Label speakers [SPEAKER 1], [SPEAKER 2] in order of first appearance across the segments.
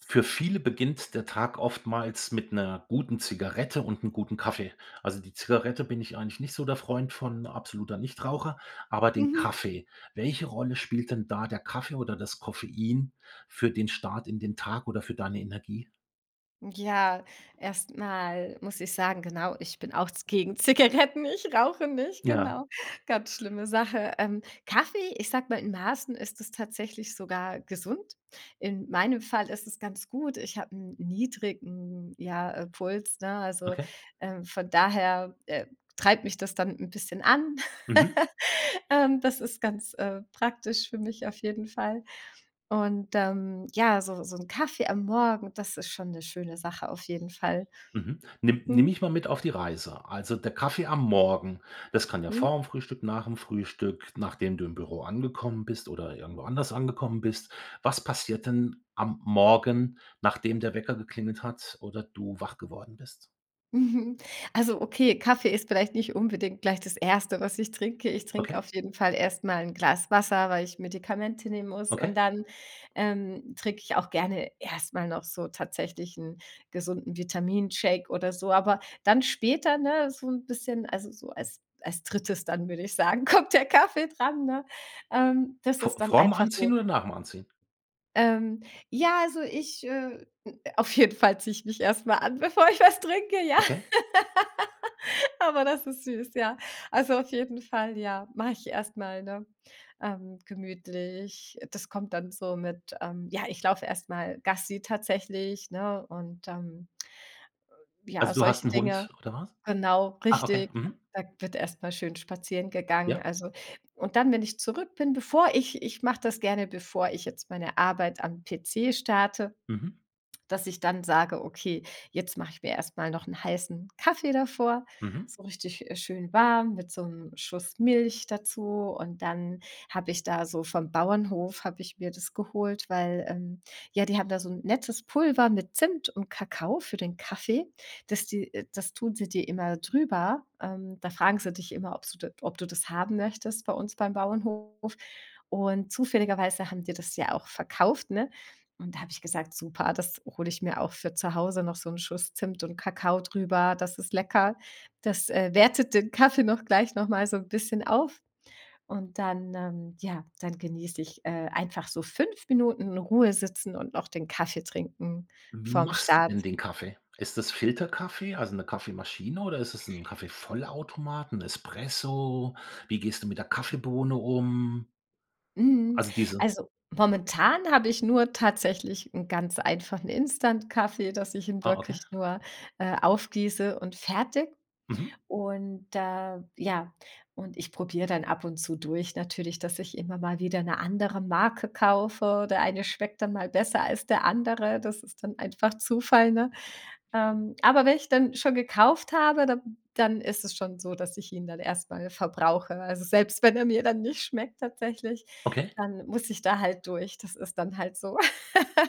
[SPEAKER 1] Für viele beginnt der Tag oftmals mit 'ner guten Zigarette und 'n guten Kaffee. Also die Zigarette bin ich eigentlich nicht so der Freund von- absoluter Nichtraucher- aber den
[SPEAKER 2] Mhm.
[SPEAKER 1] Kaffee. Welche Rolle spielt denn da der Kaffee oder das Koffein für den Start in den Tag oder für deine Energie?
[SPEAKER 2] Ja, erst mal muss ich sagen, genau, ich bin auch ze gegen Zigaretten. Ich rauche nicht,
[SPEAKER 1] Ja.
[SPEAKER 2] genau. Ganz schlimme Sache. Ähm, Kaffee, ich sage mal, in Maßen ist es tatsächlich sogar gesund. In meinem Fall ist es ganz gut. Ich habe 'n niedrigen, ja, äh, Puls, ne? Also,
[SPEAKER 1] Okay.
[SPEAKER 2] ähm, von daher, äh, treibt mich das dann 'n bisschen an.
[SPEAKER 1] Mhm.
[SPEAKER 2] Ähm, das ist ganz, äh, praktisch für mich auf jeden Fall. Und, ähm, ja, so so 'n Kaffee am Morgen, das ist schon 'ne schöne Sache auf jeden Fall.
[SPEAKER 1] Mhm. Nimm nimm
[SPEAKER 2] Mhm.
[SPEAKER 1] mich mal mit auf die Reise. Also der Kaffee am Morgen, das kann ja
[SPEAKER 2] Mhm.
[SPEAKER 1] vorm Frühstück, nach 'm Frühstück, nachdem du im Büro angekommen bist oder irgendwo anders angekommen bist was passiert denn am Morgen, nachdem der Wecker geklingelt hat oder du wach geworden bist?
[SPEAKER 2] Mhm. Also okay, Kaffee ist vielleicht nicht unbedingt gleich das 1. was ich trinke. Ich trink
[SPEAKER 1] Okay.
[SPEAKER 2] auf jeden Fall erst mal 'n Glas Wasser, weil ich Medikamente nehmen muss und
[SPEAKER 1] Okay.
[SPEAKER 2] dann, ähm, trink ich auch gerne erst mal noch so tatsächlich 'n gesunden Vitamin-Shake oder so. Aber dann später, ne, so 'n bisschen also so als als drittes dann, würd ich sagen, kommt der Kaffee dran, ne? Ähm, das ist
[SPEAKER 1] Vor
[SPEAKER 2] dann
[SPEAKER 1] vorm
[SPEAKER 2] einfach so.
[SPEAKER 1] Anziehen oder nach'm anziehen?
[SPEAKER 2] Ähm, ja, also ich, äh auf jeden Fall zieh ich mich erst mal an, bevor ich was trinke, ja.
[SPEAKER 1] Okay.
[SPEAKER 2] Aber das ist süß, ja. Also auf jeden Fall, ja, mach ich erst mal, ne, ähm, gemütlich. Das kommt dann so mit, ähm, ja, ich lauf erst mal Gassi tatsächlich, ne und dann Ja,
[SPEAKER 1] Also du hast
[SPEAKER 2] solche
[SPEAKER 1] 'n
[SPEAKER 2] Dinge
[SPEAKER 1] Hund oder was?
[SPEAKER 2] genau,
[SPEAKER 1] Ah, okay.
[SPEAKER 2] richtig.
[SPEAKER 1] Mhm.
[SPEAKER 2] Da wird erst mal schön spazieren gegangen,
[SPEAKER 1] Ja.
[SPEAKER 2] also und dann, wenn ich zurück bin, bevor ich ich mach das gerne, bevor ich jetzt meine Arbeit am PC starte,
[SPEAKER 1] Mhm.
[SPEAKER 2] dass ich dann sage: „Okay, jetzt mach ich mir erst mal noch 'n heißen Kaffee davor.“
[SPEAKER 1] Mhm.
[SPEAKER 2] So richtig, äh, schön warm mit so 'nem Schuss Milch dazu. Und dann hab ich da so vom Bauernhof habe ich mir das geholt, weil, ähm, ja, die haben da so 'n nettes Pulver mit Zimt und Kakao für den Kaffee. Das die äh, das tun sie dir immer drüber. Ähm, da fragen sie dich immer, ob's du d ob du das haben möchtest bei uns beim Bauernhof. Und zufälligerweise haben die das ja auch verkauft, ne? Und da hab ich gesagt: „Super, das hol ich mir auch für zu Hause noch so 'n Schuss Zimt und Kakao drüber.“ Das ist lecker. Das, äh, wertet den Kaffee noch gleich noch mal so 'n bisschen auf. Und dann, ähm, ja, dann genieß ich, äh, einfach so 5 Minuten in Ruhe sitzen und noch den Kaffee trinken
[SPEAKER 1] Wie
[SPEAKER 2] vorm
[SPEAKER 1] machst du denn
[SPEAKER 2] Start.
[SPEAKER 1] den Kaffee? Ist das Filterkaffee, also 'ne Kaffeemaschine oder ist das 'n Kaffeevollautomat, 'n Espresso? Wie gehst du mit der Kaffeebohne um?
[SPEAKER 2] Mhm.
[SPEAKER 1] Also diese
[SPEAKER 2] Also, momentan hab ich nur tatsächlich 'n ganz einfachen Instant-Kaffee, dass ich ihn
[SPEAKER 1] Ah,
[SPEAKER 2] wirklich
[SPEAKER 1] okay.
[SPEAKER 2] nur, äh, aufgieße und fertig.
[SPEAKER 1] Mhm.
[SPEAKER 2] Und da ja, und ich probier dann ab und zu durch natürlich, dass ich immer mal wieder 'ne andere Marke kaufe oder der eine schmeckt dann mal besser als der andere. Das ist dann einfach Zufall, ne? Ähm, aber wenn ich dann schon gekauft habe, dann dann ist es schon so, dass ich ihn dann erst mal verbrauche. Also selbst wenn er mir dann nicht schmeckt tatsächlich,
[SPEAKER 1] Okay.
[SPEAKER 2] dann muss ich da halt durch. Das ist dann halt so.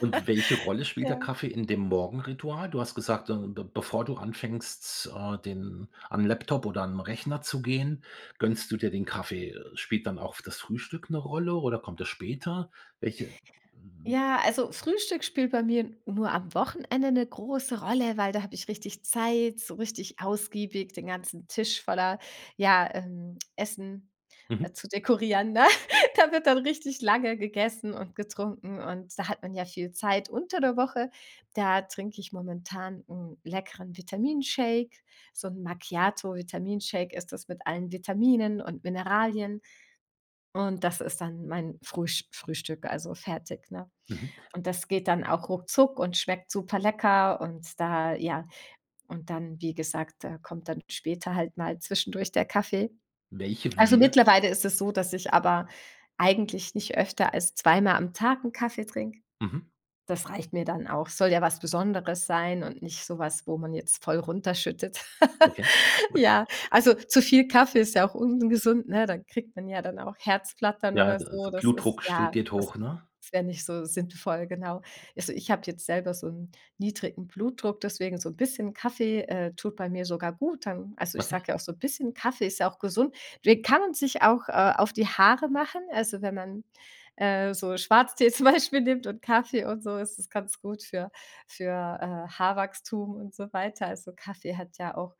[SPEAKER 1] Und welche Rolle spielt
[SPEAKER 2] Ja.
[SPEAKER 1] der Kaffee in dem Morgenritual? Du hast gesagt, de be bevor du anfängst, äh, den an 'n Laptop oder an 'n Rechner zu gehen, gönnst du dir den Kaffee. Spielt dann auch das Frühstück 'ne Rolle oder kommt das später? Welche hm
[SPEAKER 2] Ja, also Frühstück spielt bei mir nur am Wochenende 'ne große Rolle, weil da hab ich richtig Zeit, so richtig ausgiebig den ganzen Tisch voller, ja, ähm, Essen, äh,
[SPEAKER 1] Mhm.
[SPEAKER 2] zu dekorieren, ne? Da wird dann richtig lange gegessen und getrunken und da hat man ja viel Zeit unter der Woche, da trink ich momentan 'n leckeren Vitaminshake so 'n Macchiato Vitaminshake ist das mit allen Vitaminen und Mineralien. Und das ist dann mein Frühsch Frühstück, also fertig, ne?
[SPEAKER 1] Mhm.
[SPEAKER 2] Und das geht dann auch ruckzuck und schmeckt super lecker und da, ja und dann, wie gesagt, äh, kommt dann später halt mal zwischendurch der Kaffee.
[SPEAKER 1] Welche.
[SPEAKER 2] Also,
[SPEAKER 1] [unintelligible]
[SPEAKER 2] mittlerweile ist es so, dass ich aber eigentlich nicht öfter als 2 mal am Tag 'n Kaffee trinke.
[SPEAKER 1] Mhm.
[SPEAKER 2] Das reicht mir dann auch. Soll ja was Besonderes sein und nicht so was, wo man jetzt voll runterschüttet.
[SPEAKER 1] Okay, und
[SPEAKER 2] Ja, also zu viel Kaffee ist ja auch ungesund, ne? Dann kriegt man ja dann auch Herzflattern
[SPEAKER 1] Ja,
[SPEAKER 2] oder
[SPEAKER 1] de
[SPEAKER 2] so. Das ist,
[SPEAKER 1] Blutdruck steht,
[SPEAKER 2] ja
[SPEAKER 1] geht
[SPEAKER 2] das
[SPEAKER 1] hoch, ne?
[SPEAKER 2] wär nicht so sinnvoll, genau. Also, ich hab jetzt selber so 'n niedrigen Blutdruck, deswegen so 'n bisschen Kaffee, äh, tut bei mir sogar gut dann also ich
[SPEAKER 1] Okay.
[SPEAKER 2] sag ja auch so 'n bisschen, Kaffee ist ja auch gesund. Den kann man sich auch, äh, auf die Haare machen. Also, wenn man, äh, so Schwarztee zum Beispiel nimmt und Kaffee und so, ist das ganz gut für für, äh, Haarwachstum und so weiter. Also, Kaffee hat ja auch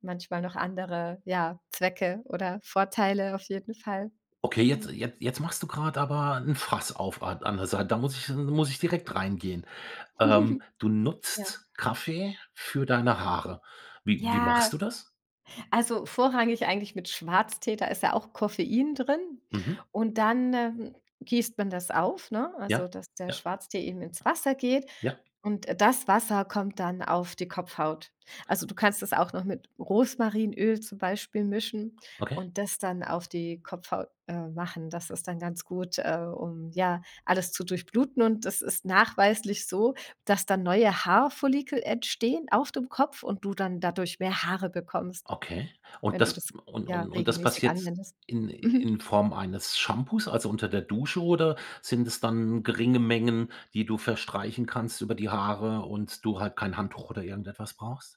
[SPEAKER 2] manchmal noch andere, ja, Zwecke oder Vorteile auf jeden Fall..
[SPEAKER 1] Okay, jetzt
[SPEAKER 2] [unintelligible]
[SPEAKER 1] jet jetzt machst du grad aber 'n Fass auf a an der Sei da muss ich 'n muss ich direkt reingehen. Ähm, du
[SPEAKER 2] Ja.
[SPEAKER 1] nutzt Kaffee für deine Haare. Wie wie
[SPEAKER 2] Ja.
[SPEAKER 1] machst du das?
[SPEAKER 2] Also vorrangig eigentlich mit Schwarztee, da ist ja auch Koffein drin.
[SPEAKER 1] Mhm.
[SPEAKER 2] Und dann, ähm, gießt man das auf, ne, also
[SPEAKER 1] Ja.
[SPEAKER 2] dass der
[SPEAKER 1] Ja.
[SPEAKER 2] Schwarztee eben ins Wasser geht
[SPEAKER 1] Ja.
[SPEAKER 2] und, äh, das Wasser kommt dann auf die Kopfhaut. Also, du kannst das auch noch mit Rosmarinöl zum Beispiel mischen
[SPEAKER 1] Okay.
[SPEAKER 2] und das dann auf die Kopfhaut, äh, machen. Das ist dann ganz gut, äh, um, ja, alles zu durchbluten. Und das ist nachweislich so, dass dann neue Haarfollikel entstehen auf dem Kopf und du dann dadurch mehr Haare bekommst,
[SPEAKER 1] Okay. Und
[SPEAKER 2] wenn du
[SPEAKER 1] das
[SPEAKER 2] das
[SPEAKER 1] und
[SPEAKER 2] ja,
[SPEAKER 1] und und das
[SPEAKER 2] regelmäßig
[SPEAKER 1] passiert
[SPEAKER 2] anwendest.
[SPEAKER 1] in
[SPEAKER 2] Mhm.
[SPEAKER 1] in Form eines Shampoos, also unter der Dusche oder sind es dann geringe Mengen, die du verstreichen kannst über die Haare und du halt kein Handtuch oder irgendetwas brauchst?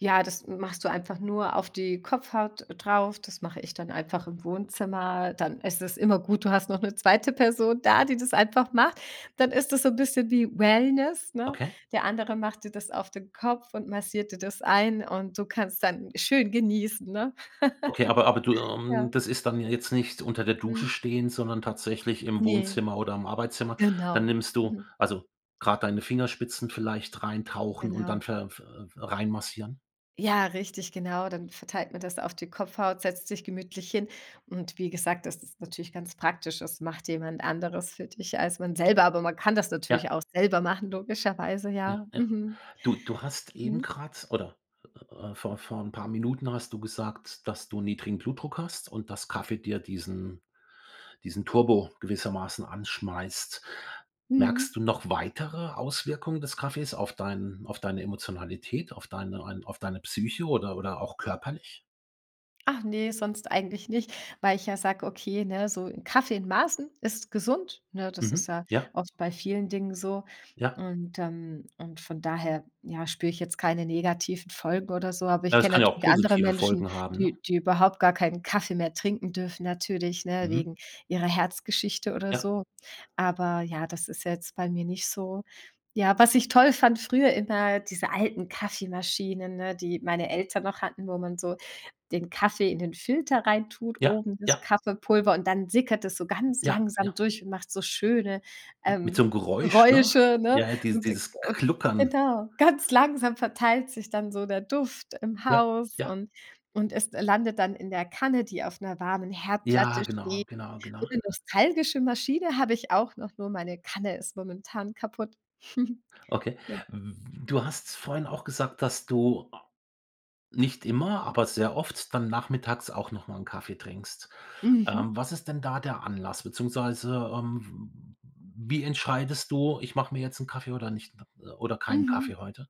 [SPEAKER 2] Ja, das m machst du einfach nur auf die Kopfhaut drauf. Das mache ich dann einfach im Wohnzimmer. Dann ist es immer gut, du hast noch 'ne zweite Person da, die das einfach macht. Dann ist das so 'n bisschen wie Wellness, ne?
[SPEAKER 1] Okay?
[SPEAKER 2] Der andere macht dir das auf den Kopf und massiert dir das ein und du kannst dann schön genießen, ne?
[SPEAKER 1] Okay aber aber du, ähm
[SPEAKER 2] Ja.
[SPEAKER 1] das ist dann ja jetzt nicht unter der Dusche
[SPEAKER 2] Mhm.
[SPEAKER 1] stehen sondern tatsächlich im
[SPEAKER 2] Ne.
[SPEAKER 1] Wohnzimmer oder im Arbeitszimmer dann
[SPEAKER 2] Genau.
[SPEAKER 1] nimmst du
[SPEAKER 2] Mhm.
[SPEAKER 1] also gerade deine Fingerspitzen vielleicht rein tauchen und dann
[SPEAKER 2] Genau.
[SPEAKER 1] ver ve reinmassieren?
[SPEAKER 2] Ja, richtig genau. Dann verteilt man das auf die Kopfhaut, setzt sich gemütlich hin. Und wie gesagt, das ist natürlich ganz praktisch. Es macht jemand Anderes für dich als man selber, aber man kann das
[SPEAKER 1] Ja.
[SPEAKER 2] natürlich auch selber machen logischerweise,
[SPEAKER 1] Ja,
[SPEAKER 2] ja.
[SPEAKER 1] ja.
[SPEAKER 2] Mhm.
[SPEAKER 1] Du du hast eben
[SPEAKER 2] Mhm.
[SPEAKER 1] grad oder, äh äh, vor vor 'n paar Minuten hast du gesagt, dass du niedrigen Blutdruck hast und das Kaffee dir diesen diesen Turbo gewissermaßen anschmeißt.
[SPEAKER 2] Mhm.
[SPEAKER 1] Merkst du noch weitere Auswirkungen des Kaffees auf deinen auf deine Emotionalität, auf deine ein auf deine Psyche oder oder auch körperlich?
[SPEAKER 2] Ach ne, sonst eigentlich nicht, weil ich ja sage: Okay, ne, so 'n Kaffee in Maßen ist gesund, ne? Das ist
[SPEAKER 1] Mhm.
[SPEAKER 2] ja
[SPEAKER 1] Ja.
[SPEAKER 2] oft bei vielen Dingen so.
[SPEAKER 1] Ja.
[SPEAKER 2] Und, ähm und von daher ja spüre ich jetzt keine negativen Folgen oder so. Aber
[SPEAKER 1] Ja,
[SPEAKER 2] ich
[SPEAKER 1] das
[SPEAKER 2] kenne
[SPEAKER 1] kann ja auch
[SPEAKER 2] natürlich andere
[SPEAKER 1] positive
[SPEAKER 2] Menschen,
[SPEAKER 1] Folgen haben, ne?
[SPEAKER 2] die die überhaupt gar keinen Kaffee mehr trinken dürfen natürlich, ne,
[SPEAKER 1] Mhm.
[SPEAKER 2] wegen ihrer Herzgeschichte oder
[SPEAKER 1] Ja.
[SPEAKER 2] so. Aber ja, das ist jetzt bei mir nicht so. Ja, was ich toll fand früher immer diese alten Kaffeemaschinen, ne, die meine Eltern noch hatten, wo man so den Kaffee in den Filter rein tut,
[SPEAKER 1] Ja,
[SPEAKER 2] oben das
[SPEAKER 1] ja.
[SPEAKER 2] Kaffeepulver und dann sickert es so ganz
[SPEAKER 1] Ja,
[SPEAKER 2] langsam
[SPEAKER 1] ja.
[SPEAKER 2] durch und macht so schöne,
[SPEAKER 1] Mit
[SPEAKER 2] ähm,
[SPEAKER 1] so 'nem Geräusch, ne?
[SPEAKER 2] Geräusche, ne?
[SPEAKER 1] Ja, dies
[SPEAKER 2] Und
[SPEAKER 1] dieses
[SPEAKER 2] und
[SPEAKER 1] Gluckern.
[SPEAKER 2] genau. Ganz langsam verteilt sich dann so der Duft im
[SPEAKER 1] Ja,
[SPEAKER 2] Haus
[SPEAKER 1] ja.
[SPEAKER 2] und und es landet dann in der Kanne, die auf 'ner warmen
[SPEAKER 1] Ja,
[SPEAKER 2] Herdplatte
[SPEAKER 1] genau,
[SPEAKER 2] steht.
[SPEAKER 1] genau,
[SPEAKER 2] So
[SPEAKER 1] genau.
[SPEAKER 2] 'ne nostalgische Maschine habe ich auch noch, nur meine Kanne ist momentan kaputt.
[SPEAKER 1] Okay,
[SPEAKER 2] Ja.
[SPEAKER 1] w du hast vorhin auch gesagt, dass du nicht immer, aber sehr oft dann nachmittags auch noch mal 'n Kaffee trinkst. Ähm,
[SPEAKER 2] Mhm.
[SPEAKER 1] was ist denn da der Anlass? Beziehungsweise, ähm, w wie entscheidest du: „Ich mache mir jetzt 'n Kaffee oder nicht oder keinen Kaffee
[SPEAKER 2] Mhm.
[SPEAKER 1] heute?“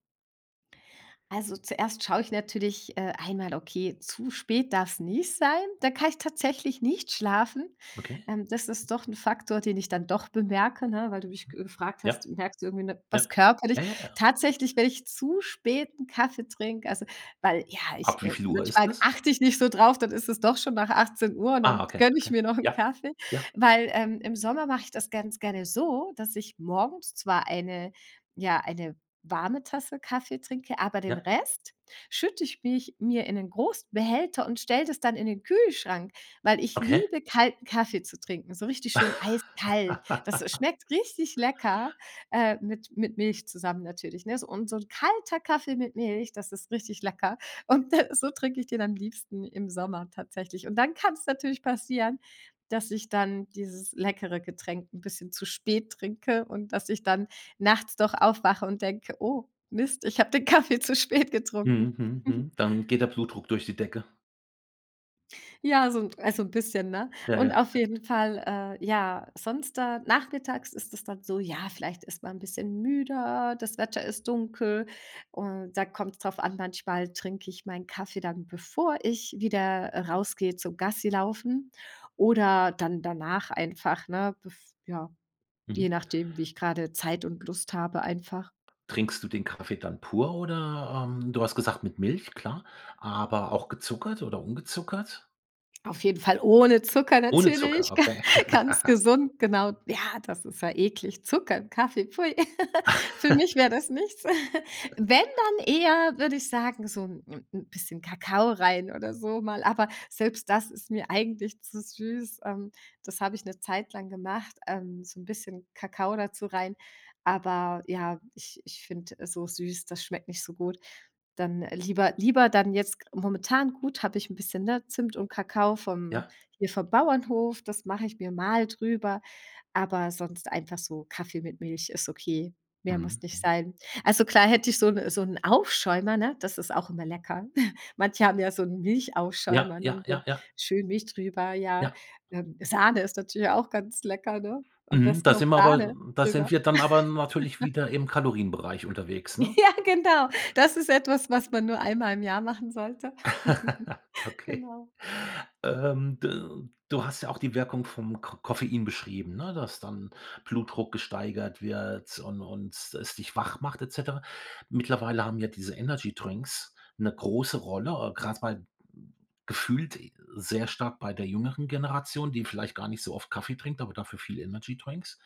[SPEAKER 2] Also zuerst schau ich natürlich, äh, einmal, okay, zu spät darf's nicht sein, da kann ich tatsächlich nicht schlafen.
[SPEAKER 1] Okay.
[SPEAKER 2] Ähm, das ist doch 'n Faktor, den ich dann doch bemerke, ne? Weil du mich
[SPEAKER 1] Mhm.
[SPEAKER 2] gefragt hast,
[SPEAKER 1] Ja.
[SPEAKER 2] merkst irgendwie, 'ne
[SPEAKER 1] Ja.
[SPEAKER 2] was körperlich?
[SPEAKER 1] Ja, ja, ja.
[SPEAKER 2] Tatsächlich, wenn ich zu spät 'n Kaffee trink, also weil ja,
[SPEAKER 1] Ab
[SPEAKER 2] ich
[SPEAKER 1] wie
[SPEAKER 2] äh,
[SPEAKER 1] viel Uhr ist
[SPEAKER 2] manchmal
[SPEAKER 1] es?
[SPEAKER 2] achte ich nicht so drauf, dann ist es doch schon nach 18:00 und
[SPEAKER 1] Ah,
[SPEAKER 2] dann
[SPEAKER 1] okay,
[SPEAKER 2] gönne ich
[SPEAKER 1] okay.
[SPEAKER 2] mir noch 'n
[SPEAKER 1] Ja,
[SPEAKER 2] Kaffee.
[SPEAKER 1] ja.
[SPEAKER 2] Weil ähm, im Sommer mache ich das ganz gerne so, dass ich morgens zwar eine ja, eine warme Tasse Kaffee trinke, aber den
[SPEAKER 1] Ja.
[SPEAKER 2] Rest schütte ich mich mir in 'nen großen Behälter und stelle das dann in den Kühlschrank, weil ich
[SPEAKER 1] Okay.
[SPEAKER 2] liebe kalten Kaffee zu trinken, so richtig schön eiskalt. Das, äh, schmeckt richtig lecker, äh, mit mit Milch zusammen natürlich, ne? Und so 'n kalter Kaffee mit Milch, das ist richtig lecker. Und, äh, so trinke ich den am liebsten im Sommer tatsächlich. Und dann kann's natürlich passieren, dass ich dann dieses leckere Getränk 'n bisschen zu spät trinke und, dass ich dann nachts doch aufwache und denke: „Oh Mist, ich habe den Kaffee zu spät
[SPEAKER 1] Mhm.
[SPEAKER 2] getrunken.“
[SPEAKER 1] Mhm. Mhm. Dann geht der Blutdruck durch die Decke.
[SPEAKER 2] Ja, so 'n also 'n bisschen, ne?
[SPEAKER 1] Ja, ja,
[SPEAKER 2] Und
[SPEAKER 1] ja,
[SPEAKER 2] auf
[SPEAKER 1] ja.
[SPEAKER 2] jeden Fall, äh, ja, sonst da nachmittags ist es dann so, ja, vielleicht ist man 'n bisschen müder, das Wetter ist dunkel. Und da kommt's drauf an, manchmal trinke ich meinen Kaffee dann, bevor ich wieder, äh, rausgehe zum Gassilaufen oder dann danach einfach, ne? Bev ja,
[SPEAKER 1] Mhm,
[SPEAKER 2] je
[SPEAKER 1] hm.
[SPEAKER 2] nachdem, wie ich gerade Zeit und Lust habe einfach.
[SPEAKER 1] Trinkst du den Kaffee dann pur oder ähm, du hast gesagt, mit Milch, klar, aber auch gezuckert oder ungezuckert?
[SPEAKER 2] Auf jeden Fall ohne Zucker
[SPEAKER 1] Ohne
[SPEAKER 2] natürlich,
[SPEAKER 1] Zucker,
[SPEAKER 2] ga
[SPEAKER 1] okay.
[SPEAKER 2] ganz gesund, genau. Ja, das ist ja eklig. Zucker im Kaffee, pfui. Für mich wäre das nichts. Wenn, dann eher, würde ich sagen, so 'n 'n 'n bisschen Kakao rein oder so mal. Aber selbst das ist mir eigentlich zu süß. Ähm, das habe ich 'ne Zeit lang gemacht, ähm, so 'n bisschen Kakao dazu rein. Aber ja, ich ich find, äh, so süß, das schmeckt nicht so gut. Dann, äh, lieber lieber dann jetzt gr momentan gut, habe ich 'n bisschen 'ne Zimt und Kakao vom
[SPEAKER 1] Ja.
[SPEAKER 2] hier vom Bauernhof. Das mache ich mir mal drüber. Aber sonst einfach so Kaffee mit Milch ist okay, mehr muss
[SPEAKER 1] Mhm,
[SPEAKER 2] nicht
[SPEAKER 1] mhm.
[SPEAKER 2] sein. Also klar hätte ich so 'n so 'n Aufschäumer, ne? Das ist auch immer lecker. Manche haben ja so 'n
[SPEAKER 1] Ja,
[SPEAKER 2] Milchaufschäumer,
[SPEAKER 1] ja,
[SPEAKER 2] dann so
[SPEAKER 1] ja,
[SPEAKER 2] 'n
[SPEAKER 1] ja.
[SPEAKER 2] schön Milch drüber, ja.
[SPEAKER 1] Ja.
[SPEAKER 2] Ähm, Sahne ist natürlich auch ganz lecker, ne? Am
[SPEAKER 1] Mhm,
[SPEAKER 2] besten
[SPEAKER 1] da
[SPEAKER 2] noch
[SPEAKER 1] sind wir
[SPEAKER 2] Sahne
[SPEAKER 1] aber, mhm da sind
[SPEAKER 2] drüber.
[SPEAKER 1] wir dann aber, mhm, natürlich wieder im Kalorienbereich unterwegs, ne?
[SPEAKER 2] Ja, genau. Das ist etwas, was man nur einmal im Jahr machen sollte.
[SPEAKER 1] Okay.
[SPEAKER 2] Genau.
[SPEAKER 1] Ähm, de du hast ja auch die Wirkung vom Ko Koffein beschrieben, ne? Dass dann Blutdruck gesteigert wird und und es dich wach macht et cetera. Mittlerweile haben ja diese Energydrinks 'ne große Rolle, äh, gerade bei gefühlt, äh, sehr stark bei der jüngeren Generation, die vielleicht gar nicht so oft Kaffee trinkt, aber dafür viel Energydrinks.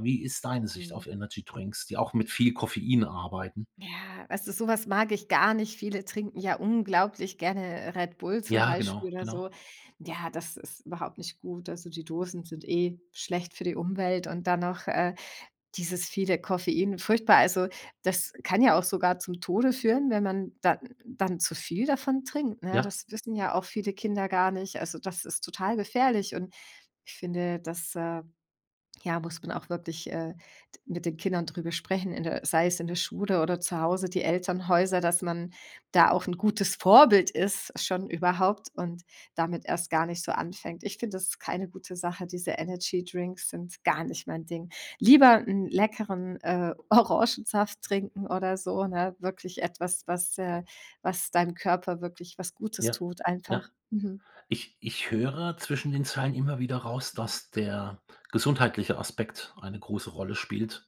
[SPEAKER 1] Wie ist deine Sicht
[SPEAKER 2] Mhm.
[SPEAKER 1] auf Energydrinks, die auch mit viel Koffein arbeiten?
[SPEAKER 2] Ja, weißt du, so was mag ich gar nicht. Viele trinken ja unglaublich gerne, äh, Red Bull zum
[SPEAKER 1] Ja,
[SPEAKER 2] Beispiel
[SPEAKER 1] genau,
[SPEAKER 2] oder
[SPEAKER 1] genau.
[SPEAKER 2] so. Ja, das ist überhaupt nicht gut. Also die Dosen sind eh schlecht für die Umwelt und dann noch, äh, dieses viele Koffein, furchtbar. Also, das kann ja auch sogar zum Tode führen, wenn man, dann dann zu viel davon trinkt, ne?
[SPEAKER 1] Ja.
[SPEAKER 2] Das wissen ja auch viele Kinder gar nicht. Also, das ist total gefährlich und ich finde, das, äh, ja, muss man auch wirklich, äh, de mit den Kindern darüber sprechen in der sei es in der Schule oder zu Hause. Die Elternhäuser, dass man da auch 'n gutes Vorbild ist schon überhaupt und damit erst gar nicht so anfängt. Ich finde das ist keine gute Sache. Diese Energydrinks sind gar nicht mein Ding. Lieber 'n leckeren, äh, Orangensaft trinken oder so, ne? Wirklich etwas, was äh was deinem Körper wirklich was Gutes
[SPEAKER 1] Ja.
[SPEAKER 2] tut
[SPEAKER 1] Ja.
[SPEAKER 2] einfach. Mhm.
[SPEAKER 1] Ich ich höre zwischen den Zeilen immer wieder raus, dass der gesundheitliche Aspekt eine große Rolle spielt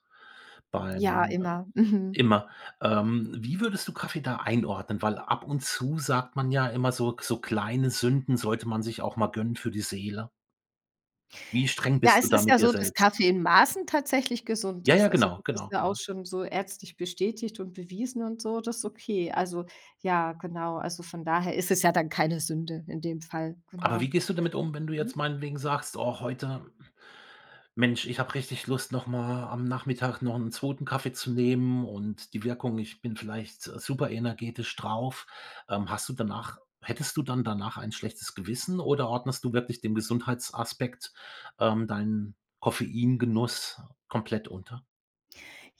[SPEAKER 2] Ja,
[SPEAKER 1] beim äh,
[SPEAKER 2] immer. Mhm.
[SPEAKER 1] immer. Ähm, wie würdest du Kaffee da einordnen? Weil ab und zu sagt man ja immer so so kleine Sünden sollte man sich auch mal gönnen für die Seele. Wie streng
[SPEAKER 2] Ja,
[SPEAKER 1] bist du
[SPEAKER 2] es
[SPEAKER 1] da
[SPEAKER 2] ist
[SPEAKER 1] mit
[SPEAKER 2] ja
[SPEAKER 1] dir
[SPEAKER 2] so, dass
[SPEAKER 1] selbst?
[SPEAKER 2] Kaffee in Maßen tatsächlich gesund
[SPEAKER 1] Ja,
[SPEAKER 2] ist.
[SPEAKER 1] ja,
[SPEAKER 2] Also,
[SPEAKER 1] genau,
[SPEAKER 2] das ist
[SPEAKER 1] genau,
[SPEAKER 2] ja auch
[SPEAKER 1] genau.
[SPEAKER 2] schon so ärztlich bestätigt und bewiesen und so, das ist okay. Also ja, genau. Also von daher ist es ja dann keine Sünde in dem Fall,
[SPEAKER 1] Aber wie
[SPEAKER 2] genau.
[SPEAKER 1] gehst du damit wenn du jetzt
[SPEAKER 2] Mhm.
[SPEAKER 1] meinetwegen sagst: „Oh, heute, Mensch, ich hab richtig Lust noch mal am Nachmittag noch 'n 2. Kaffee zu nehmen und die Wirkung ich bin vielleicht super energetisch drauf.“ Ähm, hast du danach hättest du dann danach ein schlechtes Gewissen oder ordnest du wirklich dem Gesundheitsaspekt, ähm, deinen Koffeingenuss komplett unter?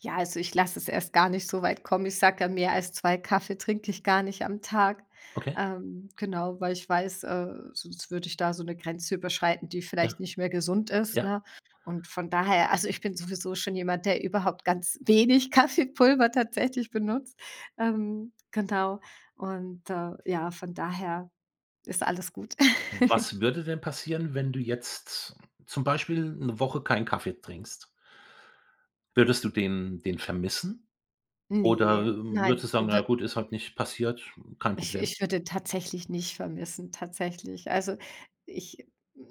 [SPEAKER 2] Ja, also ich lass es erst gar nicht so weit kommen. Ich sage dann, mehr als 2 Kaffee trinke ich gar nicht am Tag.
[SPEAKER 1] Okay.
[SPEAKER 2] Ähm, genau, weil ich weiß, äh, sonst würde ich da so 'ne Grenze überschreiten, die
[SPEAKER 1] Ja,
[SPEAKER 2] vielleicht nicht mehr gesund ist,
[SPEAKER 1] ja.
[SPEAKER 2] ne? Und von daher also ich bin sowieso schon jemand, der überhaupt ganz wenig Kaffeepulver tatsächlich benutzt. Ähm, genau. Und, äh, ja, von daher ist alles gut.
[SPEAKER 1] Was würde denn passieren, wenn du jetzt zum Beispiel 'ne Woche keinen Kaffee trinkst? Würdest du den den vermissen? Oder
[SPEAKER 2] Ne, nein.
[SPEAKER 1] würdest du sagen: „Na ja
[SPEAKER 2] We
[SPEAKER 1] gut, ist halt nicht passiert, kein
[SPEAKER 2] Ich
[SPEAKER 1] Problem?“
[SPEAKER 2] ich würde den tatsächlich nicht vermissen tatsächlich. Also ich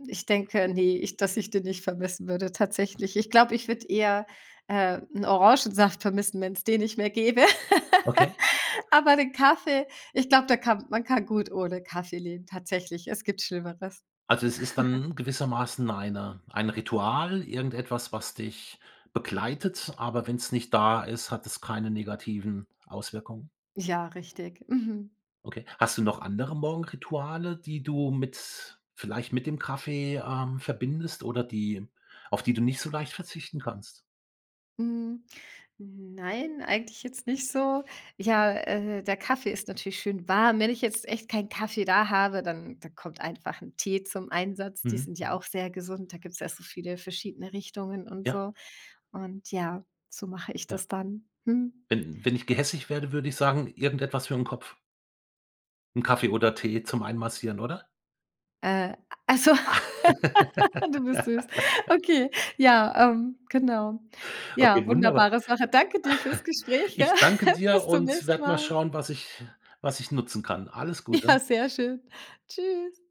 [SPEAKER 2] ich denke, ne, ich dass ich den nicht vermissen würde tatsächlich. Ich glaube, ich würde eher, äh, 'n Orangensaft vermissen, wenn's den nicht mehr gäbe.
[SPEAKER 1] Okay.
[SPEAKER 2] Aber den Kaffee, ich glaube, da kann man kann gut ohne Kaffee leben, tatsächlich. Es gibt Schlimmeres.
[SPEAKER 1] Also es ist dann gewissermaßen eine ein Ritual, irgendetwas, was dich begleitet, aber wenn's nicht da ist, hat es keine negativen Auswirkungen?
[SPEAKER 2] Ja, richtig. Mhm.
[SPEAKER 1] Okay. Hast du noch andere Morgenrituale, die du mit vielleicht mit dem Kaffee, ähm, verbindest oder die auf die du nicht so leicht verzichten kannst?
[SPEAKER 2] Hm. Nein, eigentlich jetzt nicht so. Ja, äh, der Kaffee ist natürlich schön warm. Wenn ich jetzt echt keinen Kaffee da habe, dann dann kommt einfach 'n Tee zum Einsatz. Die
[SPEAKER 1] Mhm.
[SPEAKER 2] sind ja
[SPEAKER 1] Mhm.
[SPEAKER 2] auch sehr gesund, da gibt's ja so viele verschiedene Richtungen und
[SPEAKER 1] Ja.
[SPEAKER 2] so. Und ja, so mache ich
[SPEAKER 1] Ja.
[SPEAKER 2] das dann. Mhm.
[SPEAKER 1] Wenn wenn ich gehässig wäre, würde ich sagen, irgendetwas für 'n Kopf. 'N Kaffee oder Tee zum Einmassieren, oder?
[SPEAKER 2] Äh, also du bist süß. Okay, ja, ähm, genau.
[SPEAKER 1] Okay,
[SPEAKER 2] Ja,
[SPEAKER 1] wunderbar.
[SPEAKER 2] wunderbare Sache. Danke dir fürs Gespräch, gell.
[SPEAKER 1] Ich danke dir
[SPEAKER 2] Bis zum
[SPEAKER 1] und
[SPEAKER 2] nächsten
[SPEAKER 1] werde mal
[SPEAKER 2] Mal.
[SPEAKER 1] schauen, was ich was ich nutzen kann. Alles
[SPEAKER 2] Ja,
[SPEAKER 1] Gute.
[SPEAKER 2] sehr schön. Tschüss.